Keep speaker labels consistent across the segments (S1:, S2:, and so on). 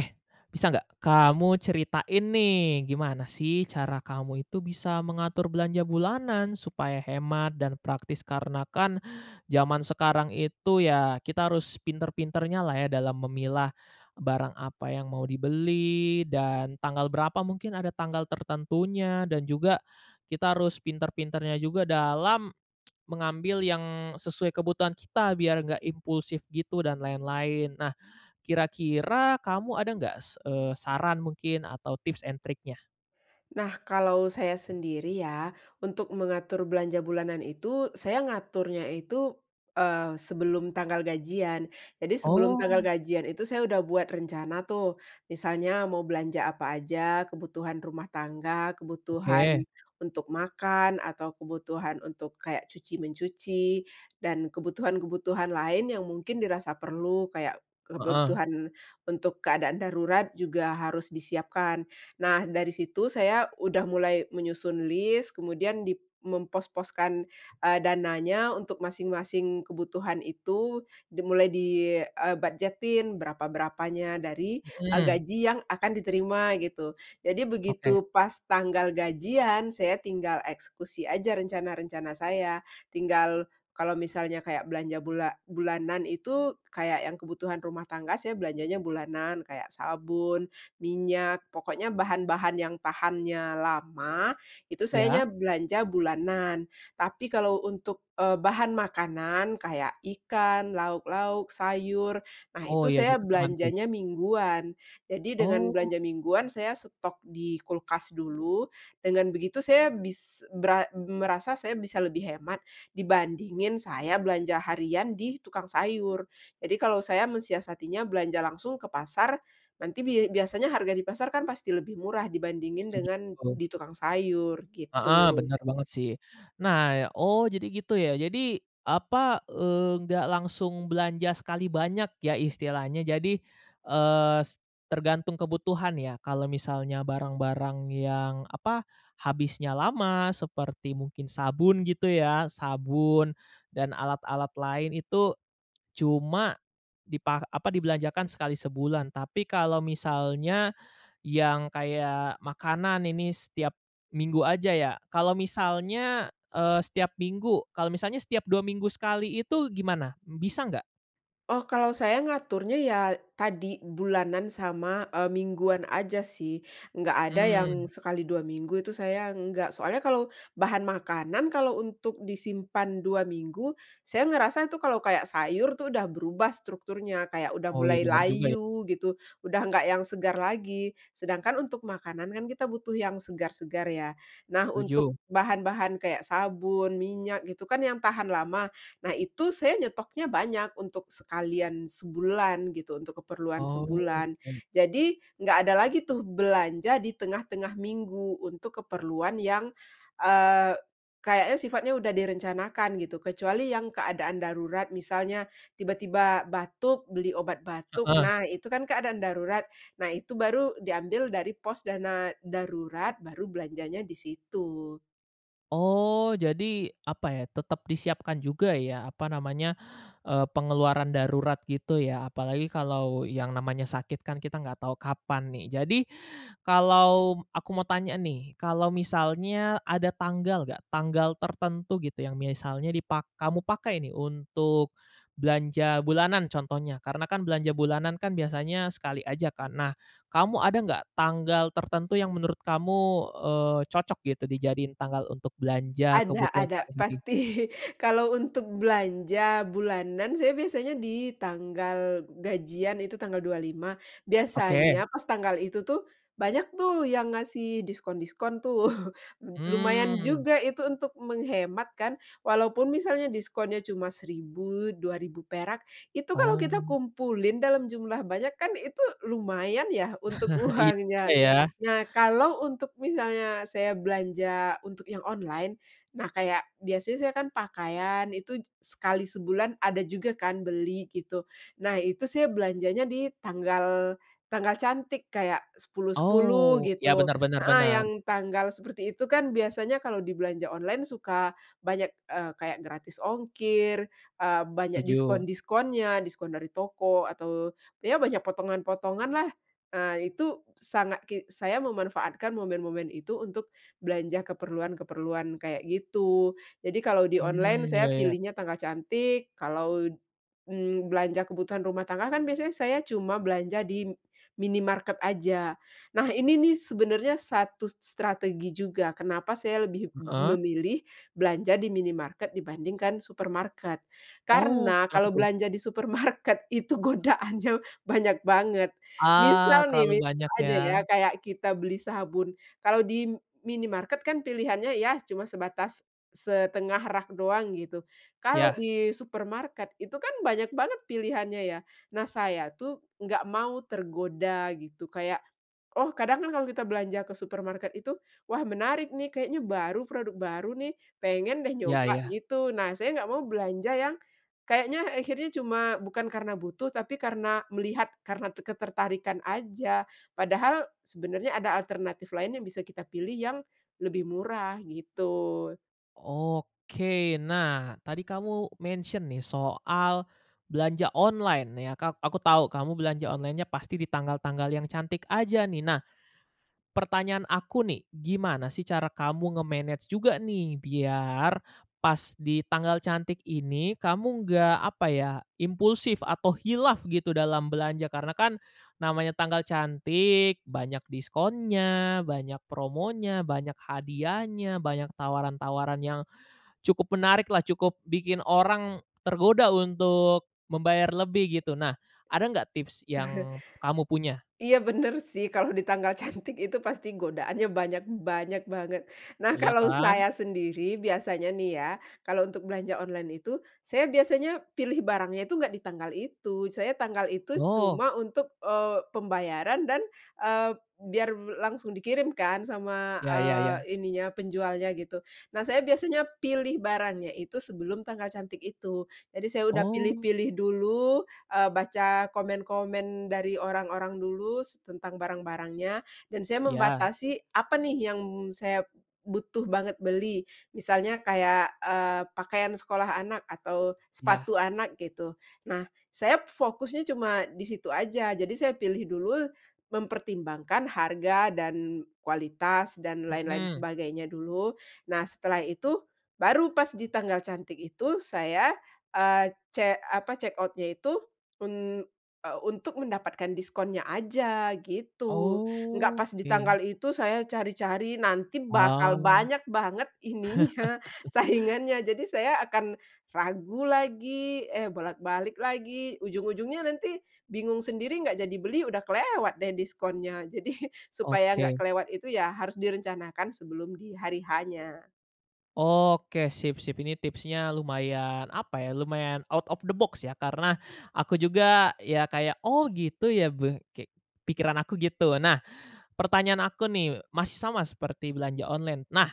S1: Eh, bisa nggak kamu ceritain nih, gimana sih cara kamu itu bisa mengatur belanja bulanan supaya hemat dan praktis? Karena kan zaman sekarang itu ya, kita harus pintar-pintarnya lah ya dalam memilah barang apa yang mau dibeli, dan tanggal berapa, mungkin ada tanggal tertentunya dan juga kita harus pintar-pintarnya juga dalam mengambil yang sesuai kebutuhan kita biar nggak impulsif gitu, dan lain-lain. Nah, kira-kira kamu ada nggak, se eee, saran mungkin atau tips and triknya?
S2: Nah, kalau saya sendiri ya, untuk mengatur belanja bulanan itu saya ngaturnya itu, eee, sebelum tanggal gajian. Jadi, sebelum tanggal
S1: Oh.
S2: gajian itu saya udah buat rencana tuh, misalnya mau belanja apa aja, kebutuhan rumah tangga,
S1: Oke.
S2: kebutuhan untuk makan, atau kebutuhan untuk kayak cuci-mencuci, dan kebutuhan-kebutuhan lain yang mungkin dirasa perlu, kayak
S1: Heeh.
S2: kebutuhan untuk keadaan darurat juga harus disiapkan. Nah, dari situ saya udah mulai menyusun list, kemudian dip mempos-poskan, eee, dananya untuk masing-masing kebutuhan itu dimulai di eee, ...bujetin berapa-berapanya dari, eee,
S1: Mhm.
S2: gaji yang akan diterima gitu. Jadi
S1: Oke.
S2: begitu pas tanggal gajian, saya tinggal eksekusi aja rencana-rencana saya, tinggal kalau misalnya kayak belanja bula bulanan itu kayak yang kebutuhan rumah tangga, saya belanjanya bulanan, kayak sabun, minyak, pokoknya bahan-bahan yang tahannya lama, itu
S1: Iya.
S2: sayanya belanja bulanan. Tapi kalau untuk, eee, bahan makanan kayak ikan, lauk-lauk, sayur, nah
S1: Oh,
S2: itu
S1: iya
S2: saya
S1: gitu, gimana tuh?
S2: belanjanya mingguan. Jadi dengan
S1: Oh.
S2: belanja mingguan saya stok di kulkas dulu, dengan begitu saya bis beram merasa saya bisa lebih hemat dibandingin saya belanja harian di tukang sayur. Jadi kalau saya mensiasatinya belanja langsung ke pasar, nanti bia biasanya harga di pasar kan pasti lebih murah dibandingin
S1: Setuju,
S2: dengan
S1: betul.
S2: di tukang sayur
S1: Heeh,
S2: gitu.
S1: bener banget sih. Nah ya oh, jadi gitu ya? Jadi, apa, eee, nggak langsung belanja sekali banyak ya istilahnya, jadi, eee, s tergantung kebutuhan ya. Kalau misalnya barang-barang yang, apa, habisnya lama seperti mungkin sabun gitu ya, sabun dan alat-alat lain itu cuma dipa apa, dibelanjakan sekali sebulan, tapi kalau misalnya yang kayak makanan ini setiap minggu aja ya. Kalau misalnya, eee, setiap minggu, kalau misalnya setiap 2 minggu sekali itu gimana, bisa nggak?
S2: Oh, kalau saya ngaturnya ya, tadi, bulanan sama, e mingguan aja sih, enggak ada yang
S1: Mmm.
S2: sekali 2 minggu itu saya, enggak. Soalnya kalau bahan makanan kalau untuk disimpan 2 minggu. Saya ngerasa tuh, kalau kayak, sayur tuh, udah berubah strukturnya, kayak udah
S1: Oh iya,
S2: mulai
S1: benar juga ya.
S2: layu gitu, udah enggak yang segar lagi. Sedangkan untuk makanan kan, kita butuh yang segar-segar ya. Nah, untuk
S1: Setuju.
S2: bahan-bahan kayak sabun, minyak, gitu kan, yang tahan lama. Nah, itu saya nyetoknya banyak untuk sekalian sebulan, gitu, untuk keperluan sebulan.
S1: Oke.
S2: Jadi, enggak ada lagi tuh, belanja di tengah-tengah minggu untuk keperluan yang, eee, kayaknya, sifatnya udah direncanakan, gitu. Kecuali yang keadaan darurat, misalnya tiba-tiba batuk, beli obat batuk,
S1: Heeh.
S2: nah, itu kan keadaan darurat. Nah, itu baru diambil dari pos dana darurat, baru belanjanya di situ.
S1: Oh, jadi, apa ya, tetap disiapkan juga ya, apa namanya, e pengeluaran darurat, gitu ya, apalagi kalau yang namanya sakit kan, kita enggak tahu kapan nih. Jadi, kalau aku mau tanya nih, kalau misalnya ada tanggal nggak, tanggal tertentu gitu yang misalnya dipak kamu pakai nih, untuk belanja bulanan, contohnya, karena kan, belanja bulanan kan, biasanya sekali aja kan. Nah, kamu ada nggak tanggal tertentu yang menurut kamu, eee, cocok gitu, dijadiin tanggal untuk belanja
S2: Ada
S1: kebutuhan
S2: ada.
S1: sehari-hari?
S2: Pasti kalau untuk belanja bulanan, saya biasanya di tanggal gajian, itu tanggal 25.
S1: Oke.
S2: Biasanya pas tanggal itu tuh, banyak tuh, yang ngasih diskon-diskon, tuh. M lumayan
S1: Mmm.
S2: juga itu untuk menghemat kan. Walaupun misalnya diskonnya cuma Rp1.000, Rp2.000 perak, itu kalau kita
S1: Oh.
S2: kumpulin dalam jumlah banyak kan, itu lumayan ya, untuk
S1: Iya,
S2: uangnya.
S1: ya.
S2: Nah, kalau untuk misalnya, saya belanja untuk yang online. Nah, kayak biasanya saya kan pakaian itu j sekali sebulan ada juga kan, beli, gitu. Nah, itu saya belanjanya di tanggal tanggal cantik, kayak 10, 10
S1: Oh, ya,
S2: gitu
S1: benar benar
S2: heeh,
S1: benar.
S2: yang tanggal seperti itu kan, biasanya kalau di belanja online suka banyak, eee, kayak gratis ongkir, eee, banyak
S1: Setuju.
S2: diskon-diskonnya, diskon dari toko, atau, ya banyak potongan-potongan lah, eee, itu sangat ki saya memanfaatkan momen-momen itu untuk belanja keperluan-keperluan kayak gitu. Jadi, kalau di
S1: Mhm,
S2: online saya
S1: ya ya.
S2: pilihnya tanggal cantik, kalau, mmm, belanja kebutuhan rumah tangga kan biasanya saya cuma belanja di m minimarket aja. Nah, ini nih sebenarnya satu s strategi juga, kenapa saya lebih m
S1: Heeh?
S2: memilih belanja di minimarket dibandingkan supermarket.
S1: Oh,
S2: Karena,
S1: kenapa
S2: kalau
S1: tuh?
S2: belanja di supermarket itu godaannya banyak banget.
S1: Ah,
S2: Misal nih,
S1: terlalu
S2: misal
S1: banyak,
S2: aja ya,
S1: ya?
S2: kayak kita beli sabun, kalau di m minimarket kan pilihannya, ya, cuma sebatas 1/2 rak doang, gitu. Kalau
S1: Yah.
S2: di supermarket, itu kan banyak banget pilihannya, ya. Nah, saya tuh, nggak mau tergoda gitu, kayak, oh, kadangkan kalau kita belanja ke supermarket itu, "Wah, menarik nih, kayaknya baru, produk baru nih, pengen deh
S1: Iya
S2: nyoba,"
S1: iya.
S2: gitu. Nah, saya nggak mau belanja yang kayaknya akhirnya cuma bukan karena butuh, tapi karena melihat, karena te ketertarikan aja. Padahal, sebenarnya ada alternatif lain yang bisa kita pilih yang lebih murah, gitu.
S1: Oke. Nah, tadi kamu mention nih soal belanja online ya, ka aku tahu kamu belanja online-nya pasti di tanggal-tanggal yang cantik aja nih. Nah pertanyaan aku nih, gimana sih cara kamu nge-manage juga nih biar pas di tanggal cantik ini, kamu nggak, apa ya, impulsif atau khilaf gitu dalam belanja? Karena kan namanya tanggal cantik, banyak diskonnya, banyak promonya, banyak hadiahnya, banyak tawaran-tawaran yang cukup menarik lah, cukup bikin orang tergoda untuk membayar lebih gitu. Nah ada nggak tips yang kamu punya?
S2: Iya bener sih kalau di tanggal cantik itu pasti godaannya banyak banyak banget. Nah
S1: Iya
S2: kalau
S1: kan.
S2: saya sendiri biasanya nih ya, kalau untuk belanja online itu saya biasanya pilih barangnya itu nggak di tanggal itu, saya tanggal itu
S1: Oh.
S2: cuma untuk, eee, pembayaran dan, eee, biar be langsung dikirim kan sama,
S1: Ya ya ya.
S2: eee, ininya, penjualnya gitu. Nah saya biasanya pilih barangnya itu sebelum tanggal cantik itu. Jadi saya udah
S1: Oh.
S2: pilih-pilih dulu, eee, baca komen-komen dari orang-orang dulu s tentang barang-barangnya, dan saya
S1: Ya.
S2: membatasi apa nih yang saya butuh banget beli, misalnya kayak, eee, pakaian sekolah anak atau
S1: Ya.
S2: sepatu anak gitu. Nah saya fokusnya cuma di situ aja, jadi saya pilih dulu, mempertimbangkan harga, dan kualitas, dan lain-lain
S1: Mhm.
S2: sebagainya dulu. Nah setelah itu baru pas di tanggal cantik itu, saya, eee, ce apa, check out-nya itu, un eee, untuk mendapatkan diskonnya aja gitu. Nggak pas di
S1: Oke.
S2: tanggal itu saya cari-cari, nanti bakal
S1: Ah.
S2: banyak banget ininya, saingannya, jadi saya akan ragu lagi, eh bolak-balik lagi, ujung-ujungnya nanti bingung sendiri, nggak jadi beli, udah kelewat deh diskonnya, jadi supaya nggak
S1: Oke.
S2: kelewat itu ya harus direncanakan sebelum di hari H-nya.
S1: Oke sip sip, ini tipsnya lumayan, apa ya, lumayan out of the box ya, karena aku juga, ya kayak, "Oh gitu ya," gue kek, pikiran aku gitu. Nah pertanyaan aku nih, masih sama seperti belanja online. Nah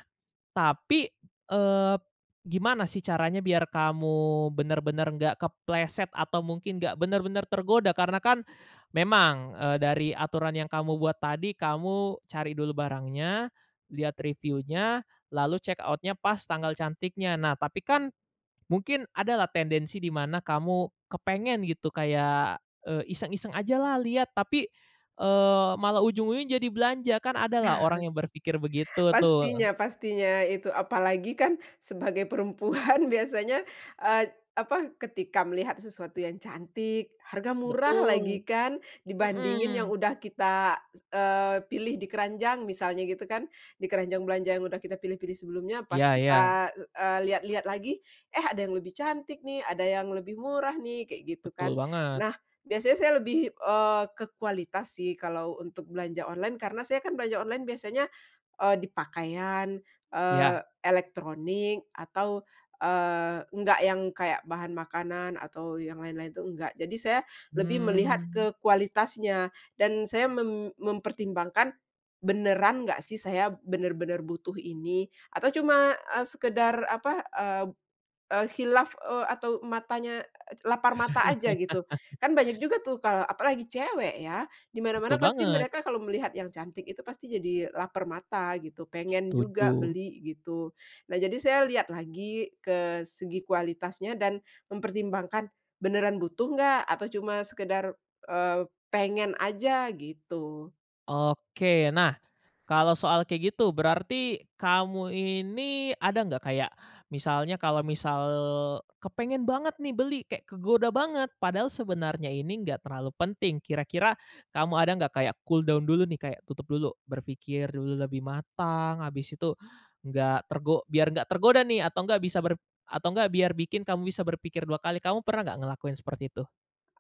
S1: tapi, eee, gimana sih caranya biar kamu bener-bener nggak kepleset atau mungkin nggak bener-bener tergoda karena kan, memang, eee, dari aturan yang kamu buat tadi, kamu cari dulu barangnya, lihat review-nya, lalu check out-nya pas tanggal cantiknya, nah tapi kan, mungkin ada lah tendensi di mana kamu kepengen gitu, kayak, eee, iseng-iseng ajalah lihat, tapi, eee, malah ujung-ujungnya jadi belanja, kan ada lah orang yang berpikir begitu tuh.
S2: Pastinya pastinya itu, apalagi kan sebagai perempuan biasanya, eee, apa, ketika melihat sesuatu yang cantik, harga murah lagi
S1: Betul.
S2: kan, dibandingin yang
S1: Mhm.
S2: udah kita, s eee, pilih di keranjang misalnya gitu kan, di keranjang belanja yang udah kita pilih-pilih sebelumnya, pas
S1: Iya iya.
S2: kita, eee, lihat-lihat lagi, "eh ada yang lebih cantik nih", "ada yang lebih murah nih", kayak gitu
S1: Betul
S2: kan.
S1: banget.
S2: Nah biasanya saya lebih, eee, ke kualitas sih kalau untuk belanja online, karena saya kan belanja online biasanya, eee, di pakaian,
S1: Iya.
S2: eee, elektronik, atau, eee, enggak yang kayak bahan makanan atau yang lain-lain itu enggak, jadi saya lebih melihat
S1: Hmm.
S2: ke kualitasnya, dan saya mem mempertimbangkan, beneran nggak sih saya benar-benar butuh ini, atau cuma, eee, sekedar apa, eee eee, khilaf, eee, atau matanya, e lapar mata aja gitu. Kan banyak juga tuh kalau apalagi cewek ya, di mana-mana
S1: Betul
S2: pasti
S1: banget.
S2: mereka kalau melihat yang cantik itu pasti jadi lapar mata gitu, pengen juga
S1: Setuju.
S2: beli gitu. Nah jadi saya lihat lagi ke segi kualitasnya dan mempertimbangkan, beneran butuh enggak atau cuma sekedar, eee, pengen aja gitu.
S1: Oke. Nah, kalau soal kayak gitu berarti kamu ini ada nggak kayak, misalnya, kalau misal kepengen banget nih beli kayak kegoda banget, padahal sebenarnya ini enggak terlalu penting, kira-kira kamu ada nggak kayak cooldown dulu nih, kayak tutup dulu, berpikir dulu lebih matang, habis itu nggak tergo biar nggak tergoda nih, atau nggak bisa atau nggak ber atau nggak biar bikin kamu bisa berpikir dua kali, kamu pernah nggak ngelakuin seperti itu?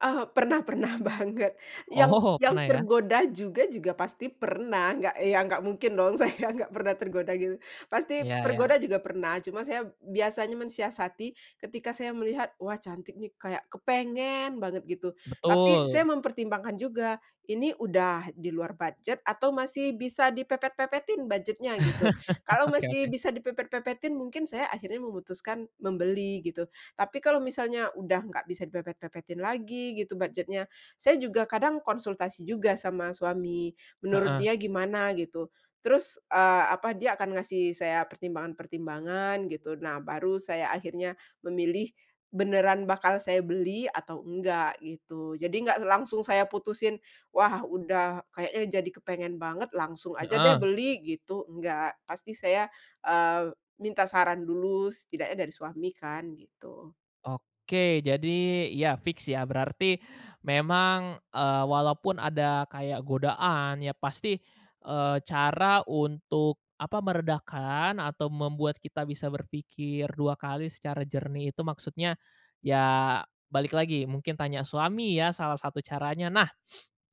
S2: Oh, pernah pernah banget, yang
S1: Oh,
S2: yang
S1: pernah ya.
S2: tergoda juga juga pasti pernah, nggak ya nggak mungkin dong saya nggak pernah tergoda gitu, pasti
S1: Iya
S2: tergoda
S1: iya.
S2: juga pernah, cuma saya biasanya mensiasati ketika saya melihat, wah cantik nih kayak kepengen banget gitu, tapi saya
S1: Betul.
S2: mempertimbangkan juga, ini udah di luar budget atau masih bisa dipepet-pepetin budget-nya gitu, kalau
S1: Oke
S2: masih
S1: oke.
S2: bisa dipepet-pepetin mungkin saya akhirnya memutuskan membeli gitu, tapi kalau misalnya udah nggak bisa dipepet-pepetin lagi gitu budget-nya, saya juga kadang konsultasi juga sama suami, menurut
S1: Heeh.
S2: dia gimana gitu, terus, eee, apa, dia akan ngasih saya pertimbangan-pertimbangan gitu, nah baru saya akhirnya memilih beneran bakal saya beli atau enggak gitu. Jadi enggak langsung saya putusin, wah udah, kayaknya jadi kepengen banget, langsung aja deh
S1: Heeh.
S2: beli gitu, enggak, pasti saya, eee, minta saran dulu setidaknya dari suami kan gitu.
S1: Oke jadi, ya fix ya, berarti memang, eee, walaupun ada kayak godaan ya, pasti, eee, cara untuk apa, meredakan atau membuat kita bisa berpikir dua kali secara jernih itu maksudnya, ya balik lagi, mungkin tanya suami ya, salah satu caranya. Nah,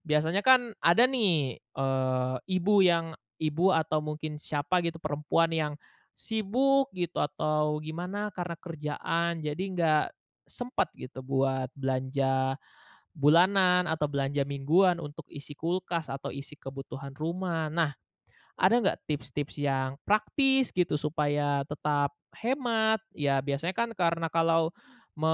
S1: biasanya kan ada nih, eee, ibu yang ibu atau mungkin siapa gitu, perempuan yang sibuk gitu atau gimana karena kerjaan, jadi enggak sempat gitu buat belanja bulanan atau belanja mingguan untuk isi kulkas atau isi kebutuhan rumah, nah, ada nggak tips-tips yang praktis gitu supaya tetap hemat? Ya, biasanya kan karena kalau me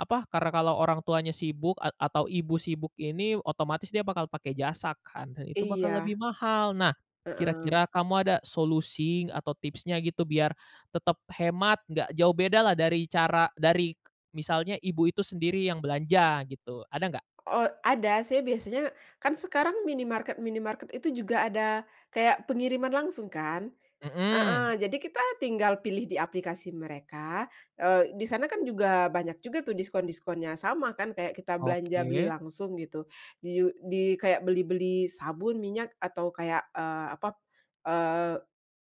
S1: apa, karena kalau orang tuanya sibuk a atau ibu sibuk ini, otomatis dia bakal pakai jasa kan, dan itu bakal
S2: Iya.
S1: lebih mahal. Nah,
S2: Heeh.
S1: kira-kira kamu ada solusi atau tipsnya gitu biar tetep hemat, nggak jauh bedalah dari cara dari misalnya ibu itu sendiri yang belanja gitu, ada nggak?
S2: Oh ada, saya biasanya kan sekarang minimarket-minimarket itu juga ada kayak pengiriman langsung kan.
S1: Mhm.
S2: Heeh, jadi kita tinggal pilih di aplikasi mereka, eee, di sana kan juga banyak juga tuh diskon-diskonnya, sama kan kayak kita belanja beli
S1: Oke.
S2: langsung gitu, ju di kayak beli-beli sabun, minyak, atau kayak, eee, apa, eee,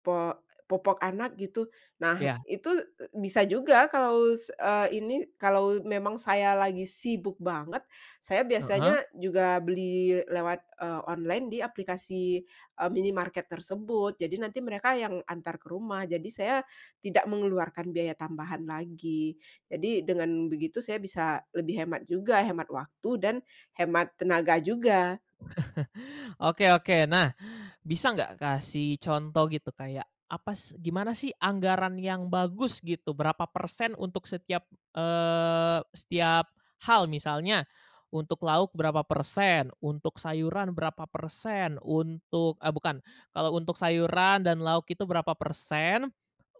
S2: po popok anak gitu. Nah
S1: Iya.
S2: itu bisa juga kalau s eee, ini, kalau memang saya lagi sibuk banget, saya
S1: Heeh.
S2: biasanya juga beli lewat, eee, online di aplikasi, eee, minimarket tersebut, jadi nanti mereka yang antar ke rumah, jadi saya tidak mengeluarkan biaya tambahan lagi, jadi dengan begitu saya bisa lebih hemat juga, hemat waktu dan hemat tenaga juga.
S1: Oke oke, nah bisa nggak kasih contoh gitu kayak, apa s gimana sih anggaran yang bagus gitu? Berapa persen untuk setiap, eee, setiap hal? Misalnya, untuk lauk berapa persen, untuk sayuran berapa persen, untuk eee, bukan, kalau untuk sayuran dan lauk itu berapa persen,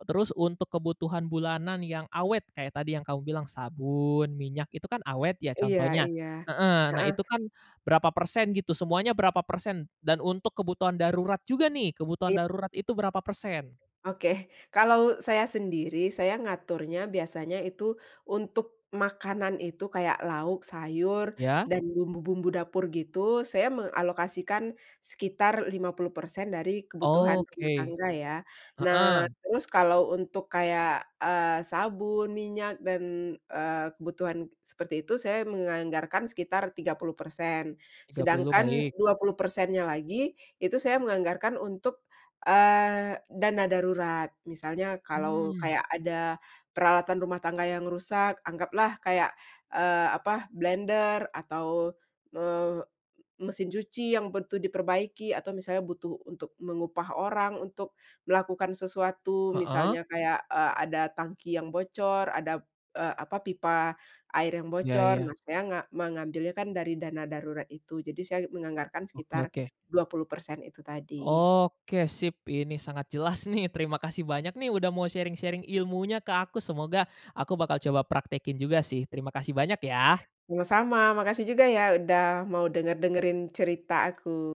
S1: terus untuk kebutuhan bulanan yang awet kayak tadi yang kamu bilang sabun, minyak, itu kan awet ya
S2: Iya
S1: contohnya
S2: iya.
S1: heeh, nah
S2: Heeh.
S1: itu kan berapa persen gitu, semuanya berapa persen dan untuk kebutuhan darurat juga nih, kebutuhan
S2: I
S1: darurat itu berapa persen?
S2: Oke, kalau saya sendiri, saya ngaturnya biasanya itu untuk makanan itu, kayak lauk, sayur,
S1: Ya.
S2: dan bumbu-bumbu dapur gitu, saya mengalokasikan sekitar 50% dari kebutuhan rumah
S1: Oke.
S2: tangga ya. Nah
S1: Heeh.
S2: terus kalau untuk kayak, eee, sabun, minyak, dan, eee, kebutuhan seperti itu, saya menganggarkan sekitar 30%,
S1: 30,
S2: sedangkan
S1: baik.
S2: 20%-nya lagi, itu saya menganggarkan untuk, eee, dana darurat. Misalnya kalau
S1: Mmm.
S2: kayak ada peralatan rumah tangga yang rusak, anggaplah kayak, eee, apa, blender atau, eee, m mesin cuci yang butuh diperbaiki, atau misalnya butuh untuk mengupah orang untuk melakukan sesuatu,
S1: Heeh.
S2: misalnya kayak, eee, ada tangki yang bocor, ada, eee, apa, pipa air yang
S1: Ya
S2: bocor, nah
S1: ya.
S2: saya nga mengambilnya kan dari dana darurat itu, jadi saya menganggarkan
S1: Oke
S2: sekitar
S1: oke.
S2: 20% itu tadi.
S1: Oke sip, ini sangat jelas nih, terima kasih banyak nih udah mau sharing-sharing ilmunya ke aku, semoga aku bakal coba praktekin juga sih, terima kasih banyak ya.
S2: Sama-sama, makasih juga ya udah mau denger-dengerin cerita aku